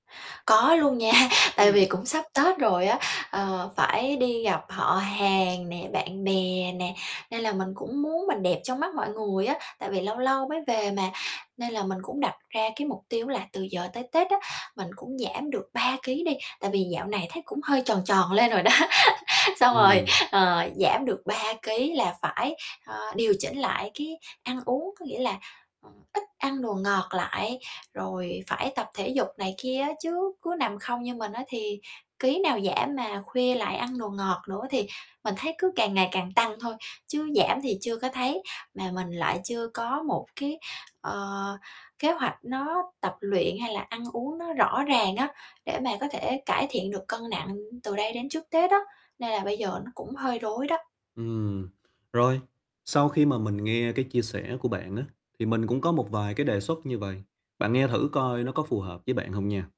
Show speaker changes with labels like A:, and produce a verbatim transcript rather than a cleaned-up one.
A: Có luôn nha, tại
B: Ừm.
A: vì cũng sắp Tết rồi á, ờ, phải đi gặp họ hàng nè, bạn bè nè, nên là mình cũng muốn mình đẹp trong mắt mọi người á, tại vì lâu lâu mới về mà. Nên là mình cũng đặt ra cái mục tiêu là từ giờ tới Tết á, mình cũng giảm được ba kí đi, tại vì dạo này thấy cũng hơi tròn tròn lên rồi đó. Xong rồi,
B: Ừm.
A: ờ, giảm được ba kí là phải, ơ, điều chỉnh lại cái ăn uống, có nghĩa là, ừm, ít ăn đồ ngọt lại, rồi phải tập thể dục này kia á, chứ cứ nằm không như mình á thì kí nào giảm, mà khuya lại ăn đồ ngọt nữa, thì mình thấy cứ càng ngày càng tăng thôi, chứ giảm thì chưa có thấy. Mà mình lại chưa có một cái, ờ, kế hoạch nó tập luyện hay là ăn uống nó rõ ràng á, để mà có thể cải thiện được cân nặng từ đây đến trước Tết á, nên là bây giờ nó cũng hơi rối đó.
B: Ừm, rồi, sau khi mà mình nghe cái chia sẻ của bạn á, thì mình cũng có một vài cái đề xuất như vầy, bạn nghe thử coi nó có phù hợp với bạn hông nha.